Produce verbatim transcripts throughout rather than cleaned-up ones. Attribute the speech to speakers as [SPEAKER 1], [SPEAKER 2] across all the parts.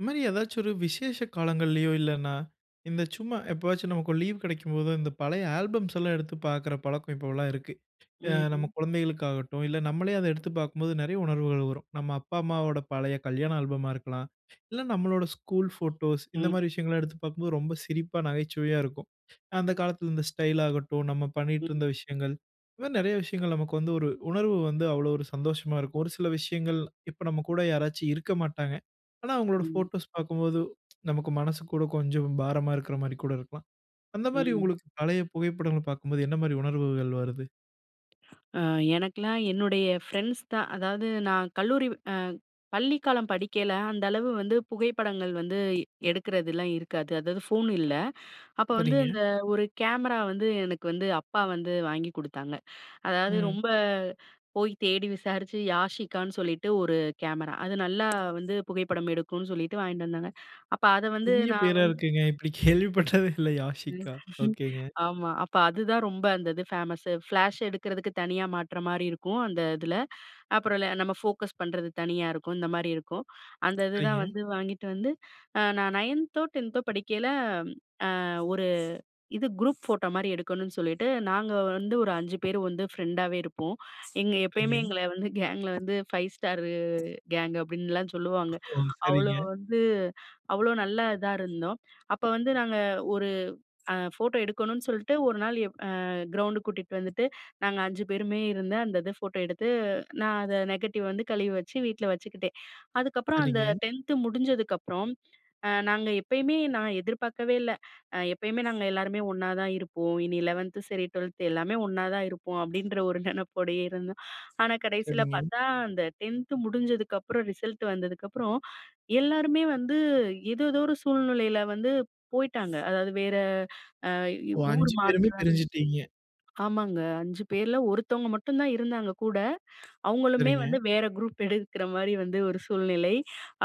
[SPEAKER 1] இந்தமாரி ஏதாச்சு ஒரு விசேஷ காலங்கள்லயோ! இல்லன்னா இந்த சும்மா எப்பாச்சும் நமக்கு லீவ் கிடைக்கும் போதோ! இந்த பழைய ஆல்பம்ஸ்லாம் எடுத்து பார்க்கிற பழக்கம் இப்பவுல்லாம் இருக்கு. ஆ நம்ம
[SPEAKER 2] ம்ஹ்ம்.
[SPEAKER 1] குழந்தைகளுக்கு ஆகட்டும், இல்ல நம்மளே அத எடுத்து பார்க்கும்போது நெறைய உணர்வுகள் வரும். நம்ம அப்பா, அம்மாவோட பழைய கல்யாணம் ஆல்பமா இருக்கலாம். இல்ல நம்முடைய ஸ்கூல் போட்டோஸ்,
[SPEAKER 2] ம்.
[SPEAKER 1] இந்தமாரி விஷயங்கள் எடுத்து பார்க்கும்போது, ரொம்ப சிரிப்பா, நகைச்சுவையா இருக்கும். அந்த
[SPEAKER 2] ம்.
[SPEAKER 1] காலத்துல இந்த ஸ்டைல் ஆகட்டும், நாம
[SPEAKER 2] ம்.
[SPEAKER 1] பண்ணிட்டுருந்த விஷயங்கள் இந்தமாரி நெறைய விஷயங்கள் நமக்கு வந்து ஒரு உணர்வு வந்து அவ்வளவு ஒரு சந்தோஷமா இருக்கும். ஒரு சில விஷயங்கள் இப்ப நம்ம கூட யாராச்சும் இருக்க மாட்டாங்க. ஆனா, அவுங்களோட
[SPEAKER 2] ம்.
[SPEAKER 1] போட்டோஸ் பார்க்கும்போது, நமக்கு மனசு கூட கொஞ்சம் பாரமா இருக்குறமாரி கூட இருக்கலாம். அந்தமாரி
[SPEAKER 2] ம்.
[SPEAKER 1] உங்களுக்கு பழைய புகைப்படங்கள் பார்க்கும்போது என்னமாரி உணர்வுகள் வருது?
[SPEAKER 2] ஆ, எனக்கெல்லாம் என்னுடைய ஃப்ரெண்ட்ஸ் தான். அதாவது நான் கல்லூரி அ பள்ளிக்காலம் படிக்கையில அந்த அளவு வந்து புகைப்படங்கள் வந்து எடுக்கிறதெல்லாம் இருக்காது. அதாவது ஃபோன் இல்ல. அப்போ வந்து
[SPEAKER 1] சரிங்க.
[SPEAKER 2] அந்த ஒரு கேமரா வந்து எனக்கு வந்து அப்பா வந்து வாங்கி கொடுத்தாங்க. அதாவது
[SPEAKER 1] ம்.
[SPEAKER 2] ரொம்ப போய் தேடி விசாரிச்சு Yasikaன்னு சொல்லிட்டு ஒரு கேமரா. அது நல்லா வந்து புகைப்படம் எடுக்குன்னு சொல்லிட்டு வாங்கிட்டு வந்தாங்க. அப்ப அத வந்து
[SPEAKER 1] புதிய
[SPEAKER 2] நான்
[SPEAKER 1] பெயரா
[SPEAKER 2] வந்
[SPEAKER 1] இருக்கேங்க, இப்பிடி கேள்விப்பட்டதே இல்ல, Yasika. ஒகேங்க
[SPEAKER 2] ஆமா. அப்ப அதுதான் ரொம்ப அந்த இது ஃபேமஸ்ஸு. ஃப்ளாஷ் எடுக்கிறதுக்கு தனியா மாட்றமாரி இருக்கும், அந்த இதுல. அப்புறம் ல நம்ம ஃபோக்கஸ் பண்றது தனியா இருக்கும். இந்தமாரி இருக்கும். அந்த இது தான்
[SPEAKER 1] சரிங்க.
[SPEAKER 2] வந்து வாங்கிட்டு வந்து, அ நான் நயன்தோ டென்த்தோ படிக்கையில அ ஒரு இது அ குரூப் ஃபோட்டோ மாரி எடுக்கணுன்னு சொல்லிட்டு, நாங்க வந்து ஒரு அஞ்சு பேரு வந்து ஃப்ரெண்டாவே இருப்போம். எங்க எப்பயுமே
[SPEAKER 1] சரிங்க.
[SPEAKER 2] எங்கள வந்து கேங்க்ல வந்து 5 Starரு கேங்க் அப்பிடின்லாம் சொல்லுவாங்க.
[SPEAKER 1] ஓ!
[SPEAKER 2] அவ்ளோ
[SPEAKER 1] சரிங்க.
[SPEAKER 2] வந்து அவ்ளோ நல்லா இதா இருந்தோம். அப்ப வந்து நாங்க ஒரு அ ஃபோட்டோ எடுக்கணுன்னு சொல்லிட்டு, ஒரு நாள் எ அ கிரவுண்டு கூட்டிட்டு வந்துட்டு, நாங்க அஞ்சு பேருமே இருந்த அந்த இது ஃபோட்டோ எடுத்து, நான் அத நெகட்டிவ் வந்து கழுவி வச்சு, வீட்ல வச்சுக்கிட்டேன். அதுக்கப்புறம் அந்த
[SPEAKER 1] சரிங்க.
[SPEAKER 2] டென்த் முடிஞ்சதுக்கப்புறம், அ நாங்க எப்பயுமே நான் எதிர்பார்க்கவே இல்ல. அ எப்பயுமே நாங்க எல்லாருமே ஒன்னாதான் இருப்போம். இனி லெவன்த் சரி, ட்வெல்த் எல்லாமே ஒண்ணா தான் இருப்போம். அப்பிடின்ற ஒரு நெனப்போடயே இருந்தோம். ஆனா கடைசில
[SPEAKER 1] சரிங்க.
[SPEAKER 2] பார்த்தா, அந்த டென்த் முடிஞ்சதுக்கு அப்புறம், ரிசல்ட் வந்ததுக்கப்புறம், எல்லாருமே வந்து, ஏதோதோ ஒரு சூழ்நிலையில வந்து போயிட்டாங்க. அதாவது வேற அ வ்
[SPEAKER 1] ஓ!
[SPEAKER 2] ஊர்
[SPEAKER 1] அஞ்சு பேருமே
[SPEAKER 2] மாற்றம்
[SPEAKER 1] பிரிஞ்சுட்டீங்க.
[SPEAKER 2] ஆமாங்க. அஞ்சு பேர்ல ஒருத்தவங்க மட்டும் தான் இருந்தாங்க கூட. அவுங்களுமே
[SPEAKER 1] சரிங்க.
[SPEAKER 2] வந்து வேறு குரூப் எடுக்குற மாரி வந்து ஒரு சூழ்நிலை.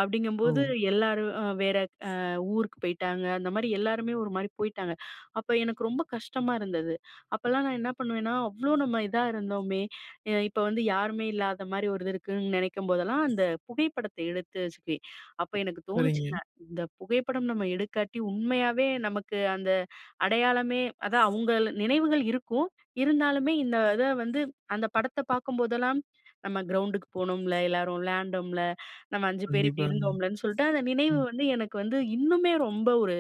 [SPEAKER 2] அப்பிடிங்கம்போது,
[SPEAKER 1] ஓ!
[SPEAKER 2] எல்லாரும் அ வேற அ ஊருக்கு போயிட்டாங்க. அந்தமாரி எல்லாருமே ஒருமாரி போயிட்டாங்க. அப்போ எனக்கு ரொம்ப கஷ்டமா இருந்தது. அப்பல்லாம் நான் என்ன பண்ணுவேன்னா, அவ்ளோ நம்ம இதா இருந்தோமே! அ இப்ப வந்து யாருமே இல்லாத மாரி ஒரு இது இருக்குன்னு நினைக்கும்போதெல்லாம், அந்த புகைப்படத்த எடுத்து வச்சுக்குவேன். அப்போ எனக்கு தோணுச்சுங்க,
[SPEAKER 1] சரிங்க.
[SPEAKER 2] இந்த புகைப்படம் நம்ம எடுக்காட்டி உண்மையாவே நமக்கு அந்த அடையாளமே அதான் அவுங்கள நினைவுகள் இருக்கும், இருந்தாலுமே இந்த இத வந்து அந்த படத்த பார்க்கும்போதெல்லாம் நம்ம கிரவுண்டுக்கு போனோம்ல, எல்லாரும் விளையாண்டோம்ல, நம்ம அஞ்சு பேரும் இப்பிடி
[SPEAKER 1] கண்டிப்பாங்க.
[SPEAKER 2] இருந்தோம்லன்னு சொல்லிட்டு, அந்த நினைவு
[SPEAKER 1] ம்.
[SPEAKER 2] வந்து எனக்கு வந்து இன்னுமே ரொம்ப ஒரு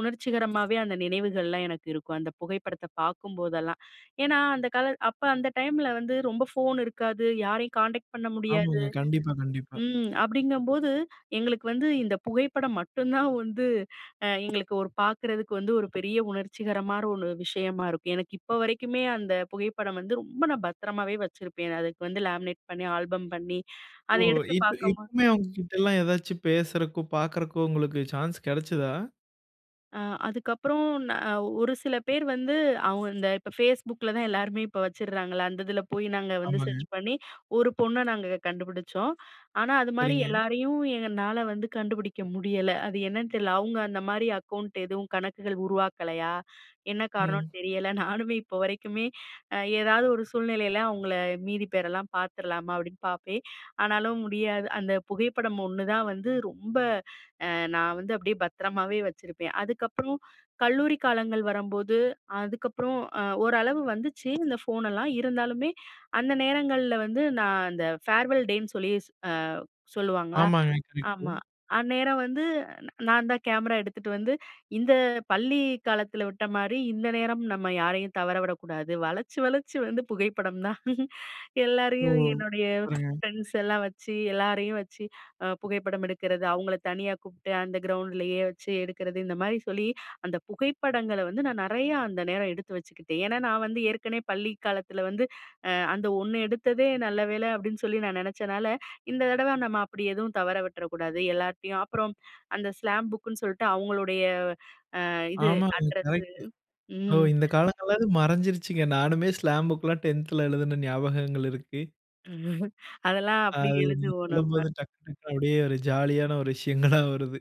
[SPEAKER 2] உணர்ச்சிகரமாவே அந்த நினைவுகள்லாம் எனக்கு இருக்கும். அந்த புகைப்படத்த பார்க்கும்போதெல்லாம் ஏன்னா, அந்த கால அப்ப அந்த டைம்ல வந்து ரொம்ப ஃபோன் இருக்காது. யாரையும் கான்டெக்ட் பண்ண முடியாது.
[SPEAKER 1] ஆமாங்க. கண்டிப்பா, கண்டிப்பா.
[SPEAKER 2] ம் அப்பிடிங்கும்போது எங்களுக்கு வந்து, இந்த புகைப்படம் மட்டும்தான் வந்து அ எங்களுக்கு ஒரு பார்க்குறதுக்கு வந்து, ஒரு பெரிய உணர்ச்சிகரரோன்னு விஷயமா இருக்கும். எனக்கு இப்ப வரைக்குமே அந்த புகைப்படம் வந்து ரொம்ப நான் பத்திரமாவே வச்சிருப்பேன். அதுக்கு வந்து லேமினேட் பண்ணி, ஆல்பம் பண்ணி, அத
[SPEAKER 1] ஓ!
[SPEAKER 2] எடுத்து
[SPEAKER 1] இப்ப
[SPEAKER 2] பார்க்கம்போது
[SPEAKER 1] இப்பமே அவுங்க கிட்டல்லாம் எதாச்சும் பேசுறக்கோ! பார்க்குறக்கோ! உங்களுக்கு சான்ஸ் கெடச்சதா?
[SPEAKER 2] அ. அதுக்கப்புறம் நா அ ஒரு சில பேர் வந்து அவுங்க இந்த இப்ப Facebookல தான் எல்லாருமே இப்ப வச்சுர்றாங்கல்ல, அந்த இதில போயி நாங்க வந்து
[SPEAKER 1] ஆமாங்க.
[SPEAKER 2] சர்ச் பண்ணி, ஒரு பொண்ண நாங்க கண்டுபுடுச்சோம். ஆனா, அதுமாரி
[SPEAKER 1] சரிங்க.
[SPEAKER 2] எல்லாரையும் என்னால வந்து கண்டுபிடிக்க முடியல. அது என்னனு தெரில, அவுங்க அந்த மாரி அக்கௌண்ட் எதுவும், கணக்குகள் உருவாக்கலையா? என்ன காரணம்னு
[SPEAKER 1] ம்.
[SPEAKER 2] தெரியல. நானுமே இப்போ வரைக்குமே ஏதாவது ஒரு சூழ்நிலையில, "அவுங்கள மீதி பேரெல்லாம் பாத்துறலாமா?" அப்டின்னு பாப்பேன். ஆனாலும் முடியாது. அந்த புகைப்படம் ஒண்ணு தான் வந்து ரொம்ப அ, நான் வந்து அப்டியே பத்திரமாவே வச்சிருப்பேன். அதுக்கப்புறம் கல்லூரி காலங்கள் வரம்போது, அதுக்கப்புறம் அ ஓரளவு வந்துச்சு. இந்த ஃபோனெல்லாம் இருந்தாலுமே, அந்த நேரங்கள்ல வந்து நான் அந்த ஃபேர்வெல் டேன்னு சொல்லி, அ சொல்லுவாங்களா.
[SPEAKER 1] ஆமாங்க, கரெக்ட்டு.
[SPEAKER 2] ஆமா. அந்நேரம் வந்து நான் தான் கேமரா எடுத்துட்டு வந்து, இந்த பள்ளி காலத்தில விட்ட மாரி இந்த நேரம் நம்ம யாரையும் தவற விடக்கூடாது. வளச்சு, வளச்சு வந்து புகைப்படம் தான்.
[SPEAKER 1] ஓ!
[SPEAKER 2] எல்லாரையும் என்னுடைய
[SPEAKER 1] சூப்பர்ங்க.
[SPEAKER 2] ஃப்ரெண்ட்ஸ் எல்லாம் வச்சு, எல்லாரையும் வச்சு அ புகைப்படம் எடுக்கறது, அவுங்கள தனியா கூப்ட்டு அந்த கிரவுண்டுலயே வச்சு எடுக்குறது இந்த மாரி சொல்லி, அந்த புகைப்படங்கள வந்து நான் நெறையா அந்த நேரம் எடுத்து வச்சுக்கிட்டேன். ஏன்னா, நான் வந்து ஏற்கனவே பள்ளி காலத்தில வந்து அ "அந்த ஒண்ணு எடுத்ததே நல்ல வேலை" அப்டின்னு சொல்லி நான் நெனச்சனால, இந்த தடவை நம்ம அப்படி எதுவும் தவற விட்ற கூடாது. எல்லார்டயும் அப்புறம், அந்த ஸ்லாம் புக்குன்னு சொல்ட்டு அவங்களுடைய அ இது,
[SPEAKER 1] ஆமாங்க.
[SPEAKER 2] Address
[SPEAKER 1] correct! ஓ,
[SPEAKER 2] ம்.
[SPEAKER 1] இந்த காலங்கள்ல அது மறைஞ்சிருச்சுங்க நானுமே ஸ்லாம் புக் கெல்லாம் டென்த்‌ல எழுதின ஞாபகங்கள் இருக்கு.
[SPEAKER 2] அதெல்லாம்
[SPEAKER 1] அ.
[SPEAKER 2] அப்படி
[SPEAKER 1] அது நீங்க
[SPEAKER 2] எழுதுவோம் நம்ம
[SPEAKER 1] சொல்லும்போது டக்கு டக்குனு அப்படியே ஒரு ஜாலி யான ஒரு விஷயங்களா வருது.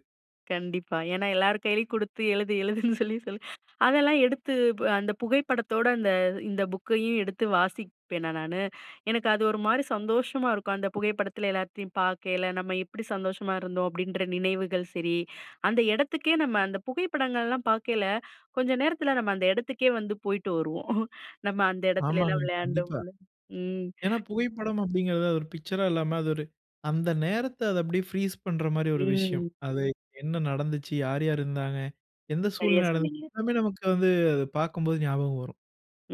[SPEAKER 2] கண்டிப்பா, ஏன்னா எல்லார் கையிலயும் குடுத்து எழுது எழுதுன்னு சொல்லி சொல்லி. அதெல்லாம் எடுத்து அந்த புகைப்படத்தோட அந்த இந்த புக்கையும் எடுத்து வாசிப்பேனா நானு எனக்கு அது ஒரு மாரி சந்தோஷமா இருக்கும். அந்த புகைப்படத்தில எல்லாத்தையும் பார்க்கயில, நம்ம எப்படி சந்தோஷமா இருந்தோம் அப்படின்ற நினைவுகள் சரி. அந்த இடத்துக்கே நம்ம அந்த புகைப்படங்கள்லாம் பார்க்கயில, கொஞ்சம் நேரத்தில நம்ம அந்த இடத்துக்கே வந்து போய்ட்டு வருவோம். நம்ம அந்த
[SPEAKER 1] ஆமாங்க
[SPEAKER 2] இடத்துலலாம்
[SPEAKER 1] கண்டிப்பா.
[SPEAKER 2] விளையாண்டோம்ல ம்.
[SPEAKER 1] ஏன்னா, புகைப்படம் அப்படிங்கிறது அது ஒரு பிக்சர்‌ரா இல்லாம, அது ஒரு அந்த நேரத்தில அத அப்படியே ப்ரீஸ் பண்ணுற மாரி ஒரு விஷயம்.
[SPEAKER 2] ம்.
[SPEAKER 1] அது என்ன நடந்துச்சு? யார் யார் இருந்தாங்க? எந்த
[SPEAKER 2] சரியா
[SPEAKER 1] சூழ்நிலை நடந்தது,
[SPEAKER 2] சொன்னீங்க.
[SPEAKER 1] எல்லாமே நமக்கு வந்து அதை பார்க்கும்போது ஞாபகம் வரும்.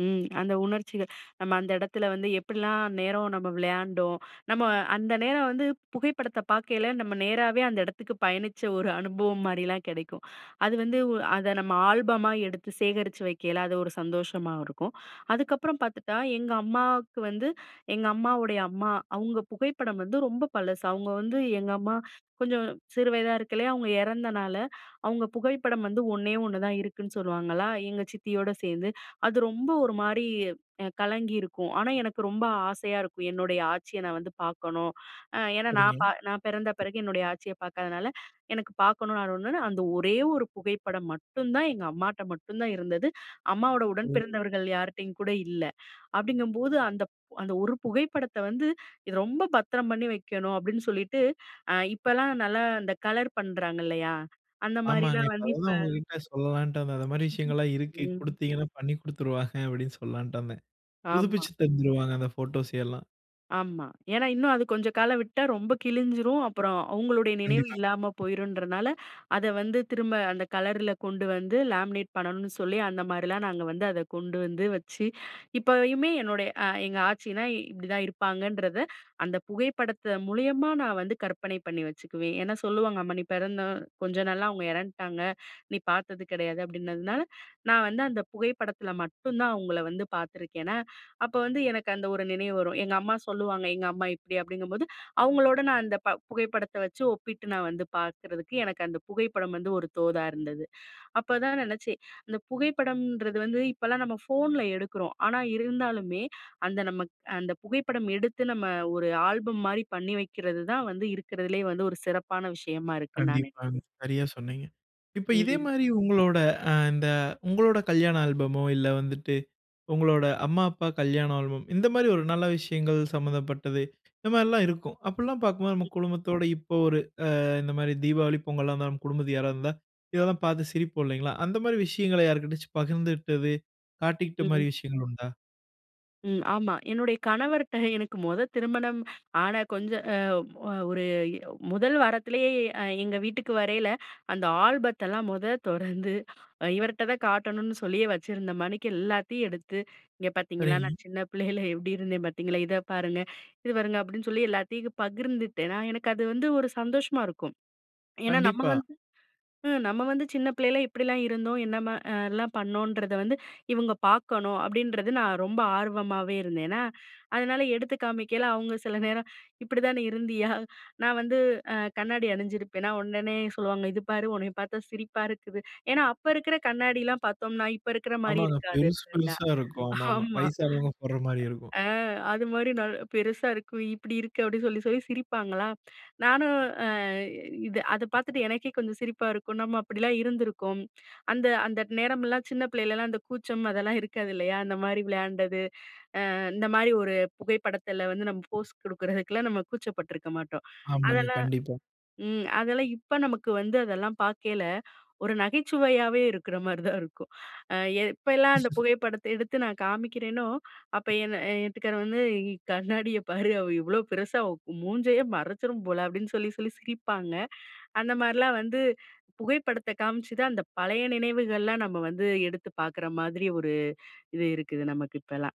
[SPEAKER 2] ம் அந்த உணர்ச்சிகள். நம்ம அந்த இடத்தில வந்து எப்படிலாம் நேரம் நம்ம விளையாண்டோம். நம்ம அந்த நேரம் வந்து புகைப்படத்த பார்க்கையில நம்ம நேராவே அந்த இடத்துக்கு பயணிச்ச ஒரு அனுபவம் மாரிலாம் கிடைக்கும். அது வந்து அதை நம்ம ஆல்பமா எடுத்து சேகரித்து வக்கயில, அது ஒரு சந்தோஷமா இருக்கும். அதுக்கப்புறம் பார்த்துட்டா எங்க அம்மாவுக்கு வந்து எங்க அம்மாவுடைய அம்மா, அவுங்க புகைப்படம் வந்து ரொம்ப பழசு. அவுங்க வந்து எங்க அம்மா கொஞ்சம் சிறு வயசா இருக்கயிலே அவுங்க இறந்தனால, அவுங்க புகைப்படம் வந்து ஒன்னே ஒண்ணு தான் இருக்குன்னு சொல்லுவாங்களா, எங்க சித்தியோட சேர்ந்து. அது ரொம்ப ஒரு மாரி கலங்கியிருக்கும். ஆனா எனக்கு ரொம்ப ஆசையா இருக்கும் என்னுடைய ஆச்சியை நான் வந்து பார்க்கணும். ஏன்னா நான்
[SPEAKER 1] சரிங்க.
[SPEAKER 2] பா நான் பிறந்த பிறகு என்னுடைய ஆச்சிய பார்க்காதனால, எனக்கு பார்க்கணும் நான் ஒன்னு அந்த ஒரே ஒரு புகைப்படம் மட்டும் தான் எங்க அம்மாட்ட மட்டும் தான் இருந்தது. அம்மாவோட உடன்
[SPEAKER 1] ஓ.
[SPEAKER 2] பிறந்தவர்கள் யார்ட்டயும் கூட இல்ல. அப்படிங்கும்போது அந்த அந்த ஒரு புகைப்படத்தை வந்து இது ரொம்ப பத்திரம் பண்ணி வைக்கணும். அப்படின்னு சொல்லிட்டு, அ இப்போலாம் நல்லா இந்த கலர் பண்றாங்க இல்லையா, அந்த
[SPEAKER 1] ஆமாங்க,
[SPEAKER 2] மாரிலாம்
[SPEAKER 1] இப்ப
[SPEAKER 2] வந்து இப்ப
[SPEAKER 1] அததான் உங்ககிட்ட சொல்லலான்ட்டு இருந்தேன். அந்த மாரி விஷயங்கள்லாம் இருக்கு.
[SPEAKER 2] ம்.
[SPEAKER 1] குடுத்தீங்கன்னா பண்ணி குடுத்துருவாங்க அப்படின்னு சொல்லலான்ட்டு இருந்தேன்.
[SPEAKER 2] ஆமா.
[SPEAKER 1] புதுப்பிச்சு தந்துருவாங்க அந்த ஃபோட்டோஸ் எல்லாம்.
[SPEAKER 2] ஆமா. ஏன்னா இன்னும் அது கொஞ்சம் கால விட்டா ரொம்ப கிழிஞ்சிரும். அப்புறம் அவுங்களுடைய நினைவு
[SPEAKER 1] கண்டிப்பாங்க.
[SPEAKER 2] இல்லாம போயிருன்றனால, அத வந்து திரும்ப அந்த கலர்ல கொண்டு வந்து லாமினேட் பண்ணணும்னு சொல்லி, அந்த மாரிலாம் நாங்க வந்து அத கொண்டு வந்து வச்சு இப்பயுமே என்னுடைய அ எங்க ஆச்சினா இப்டிதான் இருப்பாங்கன்றத, அந்த புகைப்படத்த மூலியமா நான் வந்து கற்பனை பண்ணி வச்சுக்குவேன். ஏன்னா, சொல்லுவாங்க, "அம்மா நீ பிறந்த கொஞ்ச நாள்ல அவுங்க எறந்த்ட்டாங்க, நீ பாத்தது கிடையாது" அப்படின்னதுனால, நான் வந்து அந்த புகைப்படத்தில மட்டும் தான் அவுங்கள வந்து பாத்துருக்கேனா, அப்ப வந்து எனக்கு, அந்த ஒரு நினைவு வரும். எங்க அம்மா சொல்லுவாங்க. எங்க அம்மா இப்படி அப்படிங்கும்போது, அவுங்களோட நான் அந்த ப புகைப்படத்த வச்சு ஒப்பிட்டு நான் வந்து பாக்குறதுக்கு எனக்கு அந்த புகைப்படம் வந்து ஒரு தோதா இருந்தது. அப்பதான் நெனச்சேன். அந்த புகைப்படம்ன்றது வந்து, இப்பலாம் நம்ம ஃபோன்ல எடுக்குறோம். ஆனா இருந்தாலுமே அந்த நம்மக் அ அந்த புகைப்படம் எடுத்து, நம்ம ஒரு ஆல்பம் மாரி பண்ணி வக்கிறது தான் வந்து இருக்கிறதுலயே வந்து ஒரு சிறப்பான விஷயமா இருக்குன்னு நான்
[SPEAKER 1] கண்டிப்பாங்க.
[SPEAKER 2] நெனைக்கிறேன்.
[SPEAKER 1] சரியா சொன்னீங்க. இப்ப இதே
[SPEAKER 2] ம்.
[SPEAKER 1] மாரி உங்களோட அ இந்த உங்களோட கல்யாண ஆல்பமோ, இல்ல வந்துட்டு உங்களோட அம்மா, அப்பா கல்யாண ஆல்பம், இந்த மாரி ஒரு நல்ல விஷயங்கள் சம்மந்தப்பட்டது. இந்த மாரிலாம் இருக்கும் அப்படிலாம் பாக்கும்போது நம்ம
[SPEAKER 2] ம்.
[SPEAKER 1] குடும்பத்தோட இப்ப ஒரு அ இந்த மாரி தீபாவளி பொங்கல்லா வந்தா, நம்ம குடும்பத்துக்கு யாராவது வந்தா இதெல்லாம் பாத்து சிரிப்போம் இல்லைங்களா? அந்த மாரி விஷயங்களை யாருக்கிட்டயாச்சு பகிர்ந்துகிட்டது, காட்டிக்கிட்ட
[SPEAKER 2] ம்.
[SPEAKER 1] மாரி விஷயங்கள் உண்டா?
[SPEAKER 2] ம். ஆமா. என்னுடைய கணவர்கிட்ட எனக்கு மொத திருமணம் ஆன கொஞ்ச அ ஓ ஒரு இ நோ முதல் வாரத்திலேயே அ எங்க வீட்டுக்கு வரயில, அந்த ஆல்பத்தெல்லாம் மொத தொறந்து இவர்கிட்ட தான் காட்டணும்னு சொல்லி வச்சிருந்தமாணிக்கு, எல்லாத்தையும் எடுத்து இங்க பார்த்தீங்களா,
[SPEAKER 1] சரி.
[SPEAKER 2] நான் சின்ன பிள்ளயில எப்படி இருந்தே பார்த்தீங்களா, இத பாருங்க, இது பாருங்க அப்படின்னு சொல்லி எல்லாத்தையும் பகிர்ந்துட்டேனா, எனக்கு அது வந்து ஒரு சந்தோஷமா இருக்கும். ஏன்னா நம்ம
[SPEAKER 1] கண்டிப்பா.
[SPEAKER 2] வந்து ம் நம்ம வந்து சின்ன பிள்ளைல இப்படிலா இருந்தோம், என்னமா அ யெல்லாம் பண்ணோன்றத வந்து இவுங்க பார்க்கணும், அப்படின்றது நான் ரொம்ப ஆர்வமாவே இருந்தேன்னா, அதுனால எடுத்து காமிக்கல அவுங்க சில நேரம் "இப்படி தான் நீ இருந்தியா?" நான் வந்து அ கண்ணாடி அணிஞ்சிருப்பேனா, உடனே சொல்லுவாங்க "இது பார் உன்னைய பார்த்தா சிரிப்பா இருக்குது!" ஏன்னா அப்ப இருக்கிற கண்ணாடிலாம் பார்த்தோம்னா, இப்ப இருக்கிற மாதிரி
[SPEAKER 1] ஆமாங்க.
[SPEAKER 2] இருக்காது
[SPEAKER 1] பெருசு
[SPEAKER 2] ட்ரெண்டா.
[SPEAKER 1] பெருசா இருக்கும். ஆமா, ஆமா
[SPEAKER 2] ஆமா.
[SPEAKER 1] வயசானவங்க போடுற மாரி இருக்கும்.
[SPEAKER 2] அ அ அது மாதிரி நாலு பெருசா இருக்கும். இப்படி இருக்கு அப்படி சொல்லி சொல்லி சிரிப்பாங்களா, நானும் அ இது அத பார்த்துட்டு எனக்கே கொஞ்சம் சிரிப்பா இருக்கும். நம்ம அப்படிலாம் இருந்துருக்கோம். அந்த அந்த நேரமெல்லாம் சின்ன பிள்ளையிலலா, அந்த கூச்சம் அதெல்லா இருக்காது இல்லையா. அந்த மாதிரி விளையாண்டது, அ இந்த மாதிரி ஒரு புகைப்படத்தில வந்து நம்ம போஸ் கொடுக்குறதுக்குலாம், நம்ம கூச்சப்பட்டுருக்க மாட்டோம்.
[SPEAKER 1] ஆமாங்க.
[SPEAKER 2] அதெல்லா
[SPEAKER 1] கண்டிப்பா.
[SPEAKER 2] ம் அதெல்லாம் இப்ப நமக்கு வந்து அதெல்லாம் பார்க்கேல, ஒரு நகைச்சுவையாவே இருக்கிற மாரி தான் இருக்கும். அ எப்பலாம் அந்த புகைப்படத்த எடுத்து நான் காமிக்கிறேனோ அப்ப என்ன என் வீட்டுக்காரு வந்து "கண்ணாடிய பாரு அவ இவ்வளோ பெருசா, அவ மூஞ்சையே மறைச்சுரும் போல" அப்படின்னு சொல்லி சொல்லி சிரிப்பாங்க. அந்த மாதிரிலாம் வந்து புகைப்படத்த காமிச்சுதான், அந்த பழைய நினைவுகள்லா நம்ம வந்து எடுத்து பார்க்குற மாதிரி ஒரு இது இருக்குது நமக்கு இப்பலாம்.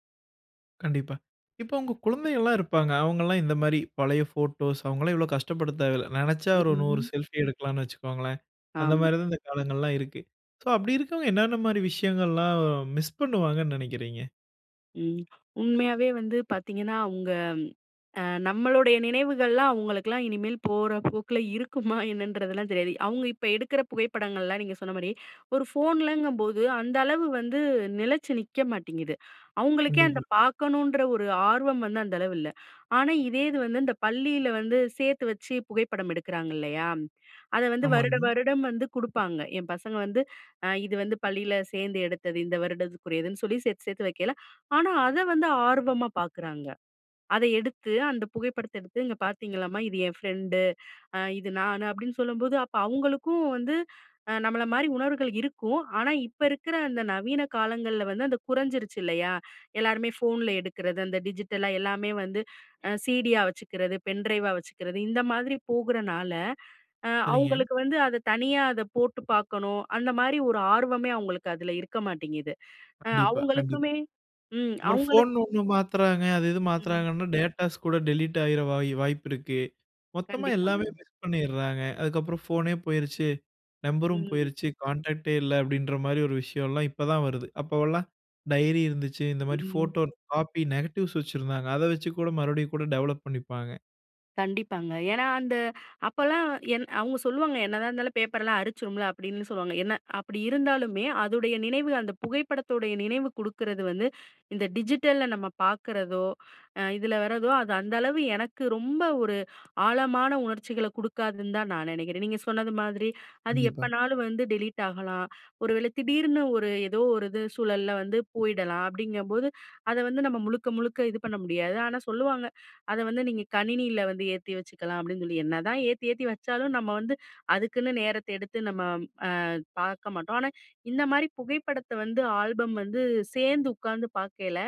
[SPEAKER 1] கண்டிப்பா. இப்போ அவங்க குழந்தைகள்லாம் இருப்பாங்க. அவங்கல்லாம் இந்த மாரி பழைய போட்டோஸ், அவங்கல்லாம் இவ்வளவு கஷ்டப்பட தேவையில்ல. நினைச்சா ஒரு நூறு
[SPEAKER 2] [unintelligible]
[SPEAKER 1] செல்ஃபி எடுக்கலாம்னு வச்சுக்கோங்களேன். அந்த
[SPEAKER 2] ஆமா.
[SPEAKER 1] மாரி தான் இந்த காலங்கள்லாம் இருக்கு. சோ, அப்படி இருக்கிறவங்க. என்னென்ன மாரி விஷயங்கல்லாம் மிஸ் பண்ணுவாங்கன்னு நினைக்கிறீங்க.
[SPEAKER 2] ம். உண்மையாவே வந்து பார்த்தீங்கன்னா, அவுங்க அ நம்மளுடைய நினைவுகள்லாம் அவங்களுக்கெல்லாம், இனிமேல் போற போக்கில இருக்குமா என்னன்றதுலாம் தெரியாது. அவுங்க இப்ப எடுக்கிற புகைப்படங்கள்லாம், நீங்க சொன்ன மாரி ஒரு ஃபோன்லங்கும்போது, அந்த அளவு வந்து நிலச்சு நிக்க மாட்டேங்குது! அவுங்களுக்கே அந்த
[SPEAKER 1] கண்டிப்பா.
[SPEAKER 2] பார்க்கணுன்ற ஒரு ஆர்வம் வந்து அந்த அளவு இல்ல. ஆனா இதே இது வந்து இந்த பள்ளியில வந்து, சேர்த்து வச்சு புகைப்படம் எடுக்கிறாங்க இல்லையா. அதை வந்து வருட
[SPEAKER 1] ஆமாங்க.
[SPEAKER 2] வருடம் வந்து குடுப்பாங்க. என் பசங்க வந்து அ இது வந்து பள்ளியில சேர்ந்து எடுத்தது. இந்த வருடத்துக்குரியதுன்னு சொல்லி சேர்த்து சேர்த்து வைக்கல. ஆனா அத வந்து ஆர்வமா பார்க்குறாங்க. அதை எடுத்து அந்த புகைப்படத்த எடுத்து இங்க பார்த்தீங்களாமா? இது என் ஃப்ரெண்டு, இது நான். அப்படின்னு சொல்லும்போது, அப்ப அவுங்களுக்கும் வந்து அ நம்மள மாரி உணர்வுகள் இருக்கும். ஆனா இப்ப இருக்கிற அந்த நவீன காலங்கள்ல வந்து அந்த குறைஞ்சிருச்சி இல்லையா. எல்லாருமே ஃபோன்ல எடுக்கிறது, அந்த டிஜிட்டலா எல்லாமே வந்து சிடியா வச்சுக்கறது, பென் டிரைவா வச்சுக்கறது. இந்த மாதிரி போகுறனால, அ
[SPEAKER 1] சரிங்க.
[SPEAKER 2] அவுங்களுக்கு வந்து அத தனியா அத போட்டு பார்க்கணும். அந்த மாரி ஒரு ஆர்வமே அவுங்களுக்கு அதில இருக்க மாட்டேங்குது. ஆ
[SPEAKER 1] கண்டிப்பா, கண்டிப்பா.
[SPEAKER 2] அவுங்களுக்குமே ம்.ம்
[SPEAKER 1] அப்புறம்
[SPEAKER 2] அவங்களுக்கு
[SPEAKER 1] ஃபோன் ஒண்ணு மாத்துறாங்க அது இது
[SPEAKER 2] ம்.
[SPEAKER 1] மாத்துறாங்கன்னா டேட்டாஸ் கூட டெலீட் ஆயிற வாய் வாய்ப்பு இருக்கு. மொத்தமா
[SPEAKER 2] கண்டிப்பாங்க.
[SPEAKER 1] எல்லாமே மிஸ் பண்ணிறாங்க. அதுக்கப்புறம் ஃபோனே போயிருச்சு, நம்பரும்
[SPEAKER 2] ம்.
[SPEAKER 1] போயிருச்சு, கான்டாக்டே இல்ல. அப்படின்ற மாரி ஒரு விஷயம்லாம் இப்போ தான் வருது. அப்போலாம் டைரி இருந்துச்சு. இந்த மாரி
[SPEAKER 2] ம்.
[SPEAKER 1] ஃபோட்டோ காப்பி நெகட்டிவ்ஸ் வச்சிருந்தாங்க. அதை வச்சு கூட மறுபடியும் கூட டெவலப் பண்ணிப்பாங்க.
[SPEAKER 2] கண்டிப்பாங்க. ஏனா, அந்த அப்பலாம் என் அவங்க சொல்லுவாங்க. என்னதான் இருந்தாலும், பேப்பர்லாம் அரிச்சிடும்ல அப்படின்னு சொல்லுவாங்க. என்ன அப்jடி இருந்தாலுமே, அதுடைய நினைவு அந்த புகைப்படத்தோடைய நினைவு குடுக்குறது வந்து. இந்த டிஜிட்டல்ல நம்ம பார்க்குறதோ, அ இதுல வரதோ அது அந்த அளவு எனக்கு ரொம்ப ஒரு ஆழமான உணர்ச்சிகள கொடுக்காதுன்னு தான் நான் நினைக்கிறன். நீங்க சொன்னது மாதுரி அது
[SPEAKER 1] கண்டிப்பா.
[SPEAKER 2] எப்போனாலும் வந்து டெலீட் ஆகலாம். ஒரு வேளை திடீர்னு, ஒரு ஏதோ ஒரு இது சூழல்ல வந்து போயிடலாம். அப்டிங்கும்போது, அத வந்து நம்ம முழுக்க முழுக்க இது பண்ண முடியாது. ஆனா சொல்லுவாங்க, அத வந்து நீங்க கணினியில வந்து ஏத்தி வச்சுக்கலாம் அப்டின்னு சொல்லி. என்னதான் ஏத்தி ஏத்தி வச்சாலும், நம்ம வந்து அதுக்குன்னு நேரத்த எடுத்து நம்ம அ பார்க்க மாட்டோம். ஆனா, இந்த மாரி புகைப்படத்த வந்து ஆல்பம் வந்து சேர்ந்து உட்காந்து பாக்கையில.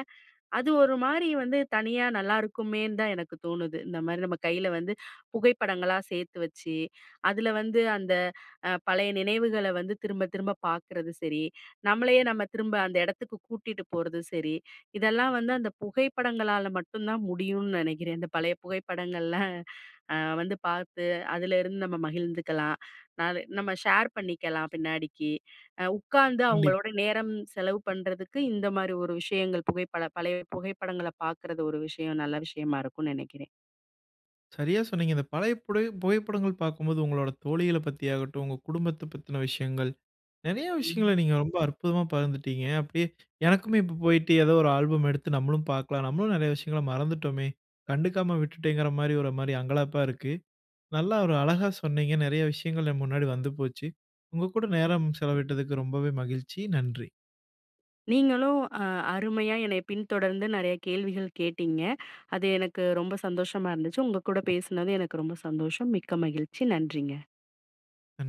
[SPEAKER 2] அது ஒரு மாதிரி வந்து தனியா நல்லாயிருக்குமேன்னு தான் எனக்கு தோணுது. இந்த மாரி நம்ம கையில வந்து புகைப்படங்களா சேத்து வச்சு, அதுல வந்து அந்த அ பழைய நினைவுகள வந்து திரும்ப திரும்ப பார்க்கறது சரி. நம்மளையே நம்ம திரும்ப அந்த இடத்துக்கு கூட்டிட்டு போறது சரி. இதெல்லாம் வந்து அந்த புகைப்படங்களால மட்டும் தான் முடியும்னு நினைக்கிறேன். இந்த பழைய புகைப்படங்கள்ல. ஆ வந்து பார்த்து அதுல இருந்து நம்ம மகிழ்ந்துக்கலாம்.ந அது நம்ம ஷேர் பணிக்கெல்லா பின்னாடிக்கி. உட்கார்ந்து
[SPEAKER 1] கண்டிப்
[SPEAKER 2] அவங்களோட நேரம் செலவு பண்றதுக்கு இந்த மாரி ஒரு விஷயங்கள் புகைப்படம் பழைய புகைப்படங்கள பார்க்கிறது ஒரு விஷயம் நல்ல விஷயமா இருக்கும்னு நினைக்கிறேன்.
[SPEAKER 1] சரியா சொன்னீங்க. இந்த பழைய புடய புகைப்படங்கள் பார்க்கும்போது, உங்களோட தோழிகளைப் பத்தியாகட்டும். உங்க குடும்பத்த பத்தின விஷயங்கள். நிறைய விஷயங்கள
[SPEAKER 2] ம்.
[SPEAKER 1] நீங்க ரொம்ப அற்புதமா பகிர்ந்துட்டீங்க. அப்டியே எனக்குமே இப்போ போயிட்டு ஏதோ ஒரு ஆல்பம் எடுத்து நம்மளும் பார்க்கலாம், நம்மளும் நிறைய விஷயங்கள மறந்துட்டோமே. கண்டுக்காம விட்டுட்டேங்கிற மாரி ஒரு மாரி அங்கலாப்பா இருக்கு. நல்லா ஒரு அழகா சொன்னீங்க. நிறைய விஷயங்கள் என் முன்னாடி வந்து போச்சு. உங்க கூட
[SPEAKER 2] ம்.
[SPEAKER 1] நேரம் செலவிட்டதுக்கு ரொம்பவே மகிழ்ச்சி. நன்றி
[SPEAKER 2] நீங்களும் ஆ அருமையா என்னய பின்தொடர்ந்து நிறைய கேள்விகள் கேட்டீங்க. அது எனக்கு ரொம்ப சந்தோஷமா இருந்துச்சு. உங்க கூட பேசுனது எனக்கு ரொம்ப சந்தோஷம். மிக்க மகிழ்ச்சி. நன்றிங்க.
[SPEAKER 1] நன்